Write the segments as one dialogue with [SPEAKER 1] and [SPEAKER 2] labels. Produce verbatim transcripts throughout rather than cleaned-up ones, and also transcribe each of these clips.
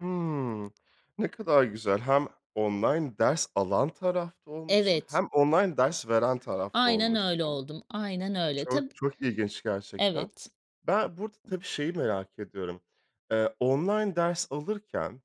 [SPEAKER 1] Hıı, ne kadar güzel. Hem online ders alan tarafta olmuşsun
[SPEAKER 2] Evet.
[SPEAKER 1] hem online ders veren tarafta
[SPEAKER 2] Aynen
[SPEAKER 1] olmuşsun.
[SPEAKER 2] öyle oldum. Aynen öyle.
[SPEAKER 1] Çok,
[SPEAKER 2] Tab
[SPEAKER 1] çok ilginç gerçekten.
[SPEAKER 2] Evet.
[SPEAKER 1] Ben burada, tabii, şeyi merak ediyorum. Eee, online ders alırken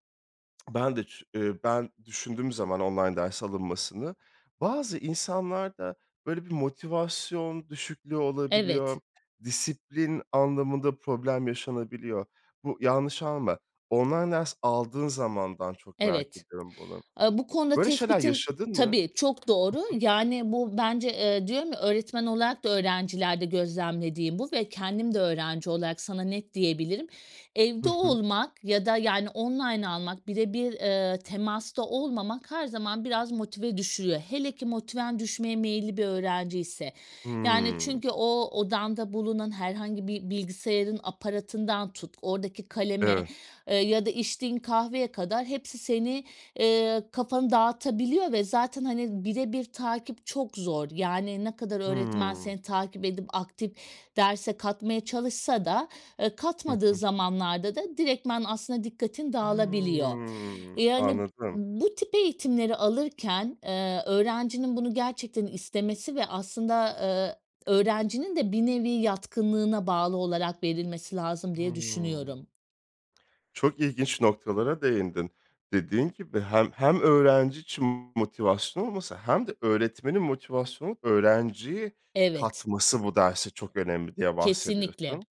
[SPEAKER 1] ben de çün eee, ben düşündüğüm zaman online ders alınmasını, bazı insanlarda böyle bir motivasyon düşüklüğü
[SPEAKER 2] Evet.
[SPEAKER 1] olabiliyor disiplin anlamında problem yaşanabiliyor. Bu yanlış anlama online ders aldığın zamandan çok merak
[SPEAKER 2] Evet.
[SPEAKER 1] ediyorum bunu.
[SPEAKER 2] Aaa, bu konuda
[SPEAKER 1] Böyle şeyler
[SPEAKER 2] tespitin
[SPEAKER 1] yaşadın mı?
[SPEAKER 2] Tabii, çok doğru.
[SPEAKER 1] Hı hı.
[SPEAKER 2] Yani bu bence, eee, diyorum ya, öğretmen olarak da öğrencilerde gözlemlediğim bu ve kendim de öğrenci olarak sana net diyebilirim.
[SPEAKER 1] Hı
[SPEAKER 2] Evde
[SPEAKER 1] hı.
[SPEAKER 2] olmak ya da yani online almak bire bir, eee, temasta olmamak her zaman biraz motive düşürüyor. Hele ki motiven düşmeye meyilli bir öğrenciyse yani
[SPEAKER 1] Hıı.
[SPEAKER 2] çünkü o odanda bulunan herhangi bir bilgisayarın aparatından tut, oradaki kaleme,
[SPEAKER 1] Evet.
[SPEAKER 2] eee, ya da içtiğin kahveye kadar hepsi seni, eee, kafanı dağıtabiliyor ve zaten, hani, bire bir takip çok zor yani ne kadar öğretmen
[SPEAKER 1] Hıı.
[SPEAKER 2] seni takip edip aktif derse katmaya çalışsa da, eee,
[SPEAKER 1] Hı
[SPEAKER 2] katmadığı
[SPEAKER 1] hı.
[SPEAKER 2] zamanlarda da direkt aslında dikkatin dağılabiliyor.
[SPEAKER 1] Hıı.
[SPEAKER 2] Yani
[SPEAKER 1] Anladım.
[SPEAKER 2] bu tip eğitimleri alırken, eee, öğrencinin bunu gerçekten istemesi ve aslında, ııı, öğrencinin de bir nevi yatkınlığına bağlı olarak verilmesi lazım diye
[SPEAKER 1] Hıı.
[SPEAKER 2] düşünüyorum.
[SPEAKER 1] Çok ilginç noktalara değindin. Dediğin gibi hem hem öğrenci için motivasyon olması hem de öğretmenin motivasyona öğrenciyi
[SPEAKER 2] Evet.
[SPEAKER 1] katması bu derse çok önemli diye
[SPEAKER 2] [unintelligible] Kesinlikle,
[SPEAKER 1] bahsediyorsun.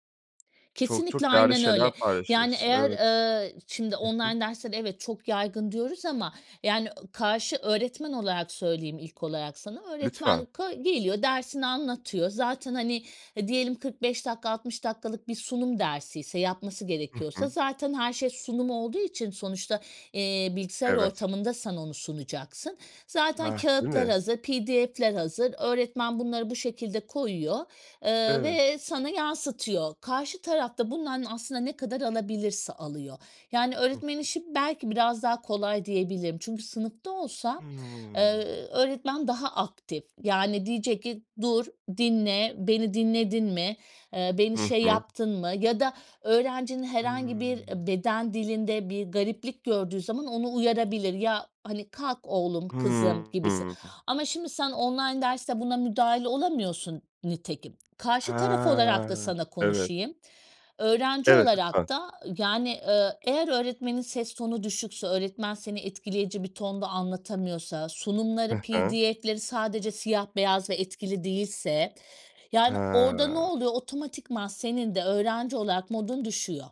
[SPEAKER 1] Çok
[SPEAKER 2] kesinlikle,
[SPEAKER 1] çok değerli
[SPEAKER 2] aynen
[SPEAKER 1] şeyler
[SPEAKER 2] öyle. Yani
[SPEAKER 1] paylaşıyorsun.
[SPEAKER 2] eğer,
[SPEAKER 1] Evet.
[SPEAKER 2] eee, şimdi
[SPEAKER 1] Hı hı.
[SPEAKER 2] online dersler, evet, çok yaygın diyoruz ama yani, ııı, karşı öğretmen olarak söyleyeyim ilk olarak sana, öğretmen
[SPEAKER 1] Lütfen.
[SPEAKER 2] ka geliyor dersini anlatıyor zaten hani, hı, diyelim kırk beş dakika altmış dakikalık bir sunum dersiyse yapması
[SPEAKER 1] Hı
[SPEAKER 2] gerekiyorsa,
[SPEAKER 1] hı.
[SPEAKER 2] zaten her şey sunum olduğu için sonuçta, eee, bilgisayar
[SPEAKER 1] Evet.
[SPEAKER 2] ortamında sen onu sunacaksın, zaten
[SPEAKER 1] Hah. Değil
[SPEAKER 2] kâğıtlar
[SPEAKER 1] mi?
[SPEAKER 2] hazır, PDF'ler hazır, öğretmen bunları bu şekilde koyuyor. Iıı,
[SPEAKER 1] Evet.
[SPEAKER 2] ve sana yansıtıyor, karşı taraf da bundan aslında ne kadar alabilirse alıyor. Yani
[SPEAKER 1] Hı
[SPEAKER 2] öğretmenin
[SPEAKER 1] hı.
[SPEAKER 2] işi belki biraz daha kolay diyebilirim. Çünkü sınıfta olsa, eee,
[SPEAKER 1] Hıı.
[SPEAKER 2] öğretmen daha aktif. Yani diyecek ki, "dur, dinle, beni dinledin mi, eee, beni
[SPEAKER 1] Hı
[SPEAKER 2] şey
[SPEAKER 1] hı.
[SPEAKER 2] yaptın mı?" ya da öğrencinin herhangi
[SPEAKER 1] Hıı.
[SPEAKER 2] bir beden dilinde bir gariplik gördüğü zaman onu uyarabilir, "ya hani kalk oğlum
[SPEAKER 1] Hıı.
[SPEAKER 2] kızım
[SPEAKER 1] Hı
[SPEAKER 2] gibisin"
[SPEAKER 1] hı.
[SPEAKER 2] ama şimdi sen online derste buna müdahil olamıyorsun nitekim. Karşı taraf olarak da
[SPEAKER 1] Ha.
[SPEAKER 2] sana
[SPEAKER 1] Evet.
[SPEAKER 2] konuşayım, öğrenci
[SPEAKER 1] Evet,
[SPEAKER 2] olarak
[SPEAKER 1] lütfen.
[SPEAKER 2] da yani, eee, eğer öğretmenin ses tonu düşükse, öğretmen seni etkileyici bir tonda anlatamıyorsa, sunumları
[SPEAKER 1] Hı hı.
[SPEAKER 2] PDF'leri sadece siyah beyaz ve etkili değilse, yani orada ne
[SPEAKER 1] Ha.
[SPEAKER 2] oluyor? Otomatikman senin de öğrenci olarak modun düşüyor.